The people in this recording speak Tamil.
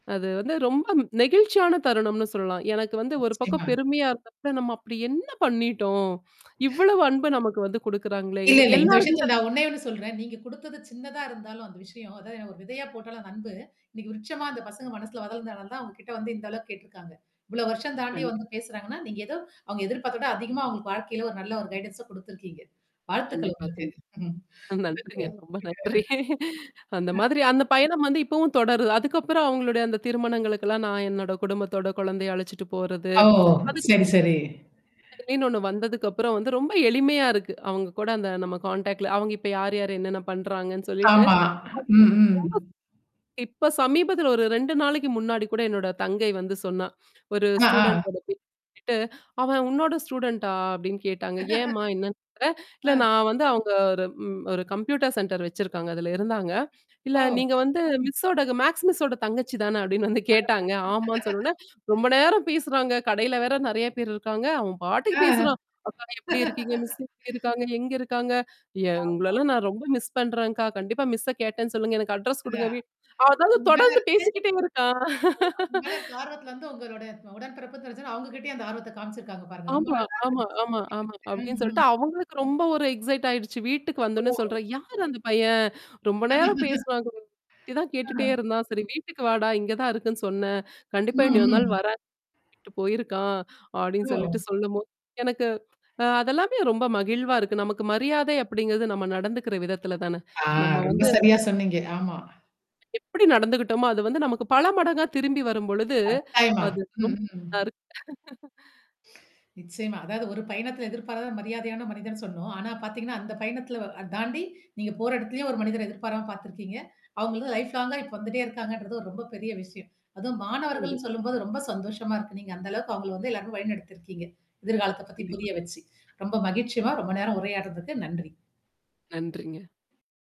அது வந்து ரொம்ப நெகிழ்ச்சியான தருணம்ன்னு சொல்லலாம். எனக்கு வந்து ஒரு பக்கம் நிச்சயமா. பெருமையா இருந்தப்ப நம்ம அப்பிடி என்ன பண்ணீட்டோம்? இவ்வளவு அன்ப நமக்கு வந்து குடுக்குறாங்களேங்கம் இல்ல, போது இல்ல. இந்த எல்லாருக் விஷயத்தில நான் [unintelligible] ஒன்னேயொன்னு சொல்றேன். நீங்க குடுத்தது சின்னதா இருந்தாலும் அந்த விஷயம் அது ஒரு விதையா போட்டாலும் அந்த அன்பு, இன்னக்கி விருட்சமா அந்த பசங்க மனசுல வளந்தனாலதான் தான் உங்ககிட்ட வந்து இந்த அளவுக்கு கேட்டுருக்காங்க. இவ்ளோ வருஷம் தாண்டி கண்டி வந்து பேசுறாங்கன்னா, நீங்க ஏதோ அவுங்க எதிர்பார்த்த விட அதிகமா அவுங்களுக்கு வாழ்க்கையில ஒரு நல்ல ஒரு கைடன்ஸ குடுத்துருக்கீங்க. வாழ்த்துக்கள் கண்டிப்பா உங்களுக்கு. கண்டி ம் அ [unintelligible] இதுல நன்றிங்க. ரொம்ப நன்றி. அந்த ஆ. மாதிரி அந்த பயணம் வந்து இப்பவும் தொடருது. அதுக்கப்புறம் அவுங்களுடைய அந்த திருமணங்களுக்கெல்லாம் நான் என்னோட குடும்பத்தோட கொழந்தைய அழச்சுட்டு போறது. ஓ! அதுக்கு சரி சரி. செயலின்னு ஒன்னு வந்ததுக்குப்புறம் வந்து ரொம்ப எளிமையா இருக்கு. அவுங்க கூட அந்த நம்ம கான்டாக்ட்ல அவுங்க இப்ப யார் யாரு, என்னென்னா பண்றாங்கன்னு, சொல்லிட்டு ஆமா. அது ரொம்ப ம், ம். இப்ப சமீபத்தில ஒரு 2 நாளைக்கு முன்னாடி கூட என்னோட தங்கை வந்து சொன்னா. ஒரு ஆ, ஆ. ஸ்டூடண்ட்டோட பேர சொல்லிட்டு அவன் உன்னோட ஸ்டூடண்டா?" அப்பிடின்னு கேட்டாங்க. ஏன்ம்மா என்னான்னு [unintelligible] இல்ல ஆ. நான் வந்து அவுங்க ஒரு ம் ஒரு கம்ப்யூட்டர் சென்டர் வச்சிருக்காங்க அதில இருந்தாங்க "இல்ல நீங்க ஓ! வந்து, மிஸ்ஸோட மேக்ஸ் மிஸ்ஸோட தங்கச்சி தானே?" அப்பிடின்னு வந்து கேட்டாங்க. [unintelligible] ஆமான்னு சொன்னோன்னே, ரொம்ப நேரம் பேசுறாங்க. கடையில வேற நெறையா பேர் இருக்காங்க. அவன் பாட்டுக்கு ஆ, அ, பேசுறான். அக்கா நீங்க எப்பிடி இருக்கீங்க? மிஸ் எப்பிடி இருக்காங்க? எங்க இருக்காங்க? ஆமா. எங்களல்லாம் நான் ரொம்ப மிஸ் பண்றேன்க்கா! கண்டிப்பா மிஸ்ஸ கேட்டேன்னு சொல்லுங்க. எனக்கு அட்ரெஸ் குடுங்க. அதான், வீ" அதாவது உங்க மேல தொடர்ந்து இருக்க அதான் பேசிக்கிட்டே இருக்கான் உங்க மேல இருக்க ஆர்வத்தல வந்து, உங்களுடைய உடன் பிறப்பு தெரிஞ்சோன்ன, அவுங்ககிட்டேயே அந்த ஆர்வத்த காமிச்சிருக்காங்க பாருங்க. ரொம்ப ஆமா, நல்லா ஆமா, ஆமா, [unintelligible] ஆமா. ம், அப்பிடின்னு சொல்லிட்டு ம். அவுங்களுக்கு ரொம்ப ஒரு எக்ஸைட் ஆயிடுச்சு வீட்டுக்கு வந்தோன்னே ஓஹோ! சொல்றா. "யாரு அந்த பையன்? ரொம்ப நேரம் பேசுறாங்க? இதான் ஆ. கேட்டுட்டே இருந்தான். சரி வீட்டுக்கு வாடா! இங்க தான் இருக்குன்னு சொன்னேன்" "கண்டிப்பா ம், இன்னியொரு நாள் ம். வரேன், அப்பிடின்ட்டு போயிருக்கான்" அப்பிடின்னு சொல்லிட்டு ஓ! சொல்லும்போது, எனக்கு அ அதெல்லாமே ரொம்ப மகிழ்வா இருக்கு. நமக்கு மரியாதை அப்பிடிங்கிறது, நம்ம நடந்துக்கிற விதத்தில தானே. ஆ, நம்ம ரொம்ப வந்து சரியா சொன்னீங்க. ஆமா. எப்பிடி நடந்துக்கிட்டோமோ, அது வந்து நமக்கு பல மடங்கா திரும்பி வரும்பொழுது, கட்டாயமா! அது ம், ரொம் ம். நல்லாரு நிச்சயமா. அதாவது ஒரு பயணத்தில எதிர்பாராத மரியாதையான மனிதன்னு சொன்னோம். ஆனா பாத்தீங்கன்னா, அந்த பயணத்தில வ அ தாண்டி நீங்க போற எடத்திலயும் ஒரு மனிதர எதிர்பாராம பாத்துருக்கீங்க. அவுங்க வந்து லைஃப் லாங்கா இப்போ வந்துட்டே இருக்காங்கன்றது, ஒரு ரொம்ப பெரிய விஷயம். அதுவும் கண்டிப் மாணவர்கள்னு சொல்லும்போது ரொம்ப சந்தோஷமா இருக்கு. நீங்க அந்த அளவுக்கு அவுங்கள வந்து எல்லாரயும் வழி நடத்திருக்கீங்க. எதிர்காலத்த பத்தி கண்டிப்பா. புரிய வச்சு. ரொம்ப மகிழ்ச்சிம்மா, ரொம்ப நேரம் உரையாடுறதுக்கு. நன்றி. நன்றிங்க.